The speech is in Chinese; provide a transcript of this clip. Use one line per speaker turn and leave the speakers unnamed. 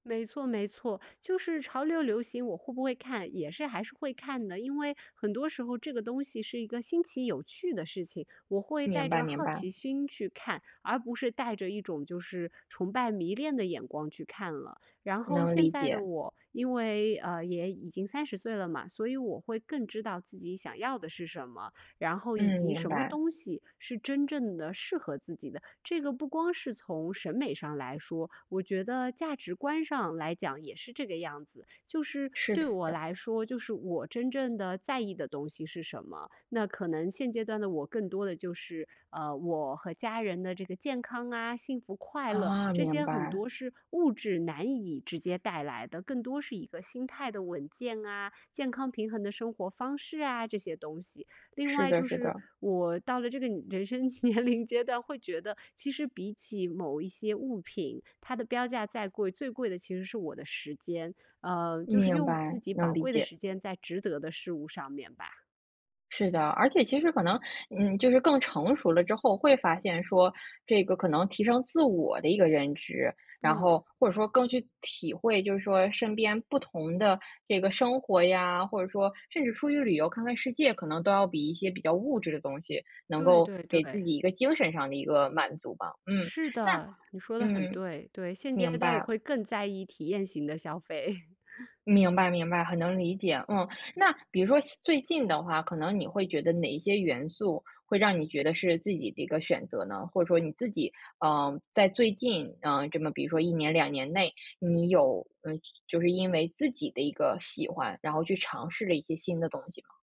没错，没错。就是潮流流行我会不会看？也是还是会看的。因为很多时候这个东西是一个新奇有趣的事情，我会带
明白，
着
明
好奇
白。
心去看，而不是带着一种就是崇拜迷恋的眼光去看了。然后
能
现
理
在的
解。
我因为，呃，也已经30岁了嘛，所以我会更知道自己想要的是什么。然后以
嗯，
及
明
什么
白。
东西是真正的适合自己的。这个不光是从审美上来说，我觉得价值观上来讲也是这个样子。就是
是
对我
的。
来说，就是我真正的在意的东西是什么？那可能现阶段的我，更多的就是，呃，我和家人的这个健康啊，幸福快乐，
啊，
这
明
些很
白。
多是物质难以直接带来的，更多是一个心态的稳健啊，健康平衡的生活方式啊，这些东西。另
是
外
的，
就
是
是
的。
我到了这个人生年龄阶段，会觉得其实比起某一些物品，它的标价再贵最贵的其实是我的时间。呃，就是
明
用自
白，
己宝
能理
贵的
解。
时间在值得的事物上面吧。
是的。而且其实可能嗯，就是更成熟了之后会发现说，这个可能提升自我的一个认知，然
嗯。
后或者说更去体会，就是说身边不同的这个生活呀，或者说甚至出去旅游看看世界，可能都要比一些比较物质的东西能
对，
够
对，
给自
对。
己一个精神上的一个满足吧。嗯，
是
那
的，你说的很
嗯。
对。对，现阶
明
段我
白。
会更在意体验型的消费。
明白，明白。很能理解。嗯，那比如说最近的话，可能你会觉得哪一些元素会让你觉得是自己的一个选择呢？或者说你自己，呃，在最近，啊，这么比如说1年、2年内，你有嗯，就是因为自己的一个喜欢，然后去尝试了一些新的东西吗？